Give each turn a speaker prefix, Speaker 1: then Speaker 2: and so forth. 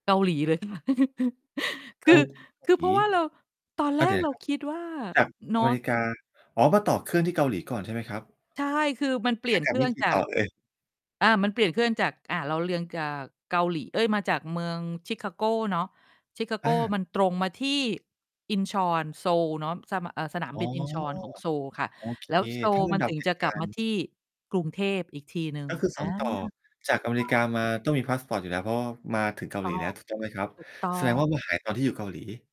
Speaker 1: เกาหลีเลย ค่ะ ค
Speaker 2: เก
Speaker 1: ื
Speaker 2: า
Speaker 1: อ
Speaker 2: หลี
Speaker 1: คือเพราะว่าเรา ตอน
Speaker 2: เ
Speaker 1: แ
Speaker 2: ข้
Speaker 1: ร
Speaker 2: าใจ
Speaker 1: กเรา
Speaker 2: ครับ
Speaker 1: คิดว่า
Speaker 2: กับ
Speaker 1: นอ
Speaker 2: อเม
Speaker 1: ร์ท
Speaker 2: ริกา อ๋อ มาต่อเครื่องที่เกาหลีก่อนใช่ไหมครับ?
Speaker 1: ใช่ คือมันเปลี
Speaker 2: ข
Speaker 1: ่
Speaker 2: า
Speaker 1: ยน
Speaker 2: ก
Speaker 1: เ
Speaker 2: ล
Speaker 1: ค
Speaker 2: ับ
Speaker 1: รื่
Speaker 2: นี
Speaker 1: อ
Speaker 2: ่
Speaker 1: ง
Speaker 2: กี
Speaker 1: จ
Speaker 2: ่
Speaker 1: า
Speaker 2: ต่
Speaker 1: ก
Speaker 2: อเอ่ย?
Speaker 1: อ่า มันเปลี่ยนเครื่องจาก อ่า เราเรียงจาก เกาหลี เอ๊ย มาจากเมือง Chicago เนาะ Chicago
Speaker 2: อา
Speaker 1: มันตรงมาที่ Incheon โซลเนาะ ส ม เอ่อ สนาม
Speaker 2: อ๋อ
Speaker 1: บิน Incheon ของโซลค่ะ
Speaker 2: โอเค
Speaker 1: แล้วโซ
Speaker 2: ถ
Speaker 1: ล
Speaker 2: ้าล
Speaker 1: มัน
Speaker 2: ำดั
Speaker 1: ถ
Speaker 2: บ
Speaker 1: ึง
Speaker 2: เห
Speaker 1: จ
Speaker 2: ต
Speaker 1: ะ
Speaker 2: ุก
Speaker 1: กล
Speaker 2: า
Speaker 1: ับม
Speaker 2: รณ
Speaker 1: า
Speaker 2: ์
Speaker 1: ที่กรุงเทพอีกทีหนึ่ง
Speaker 2: ก็คือ
Speaker 1: อ
Speaker 2: ส
Speaker 1: า
Speaker 2: อง ต่อ
Speaker 1: ค
Speaker 2: จากอเมริก
Speaker 1: ่
Speaker 2: า
Speaker 1: ะ
Speaker 2: มาต้องมีพาสปอร์ตอยู่แล้ว เพราะว่ามาถึ
Speaker 1: ถ
Speaker 2: ง
Speaker 1: ู
Speaker 2: เ
Speaker 1: ก
Speaker 2: กา
Speaker 1: ต
Speaker 2: ห
Speaker 1: ้
Speaker 2: ล
Speaker 1: อ
Speaker 2: ี
Speaker 1: ง
Speaker 2: แล้ว ถูกต้องไหมครับ
Speaker 1: ถูกต้อ
Speaker 2: แสดงว
Speaker 1: ง
Speaker 2: ่ามา หาย ตอนที่อยู่เกาหลี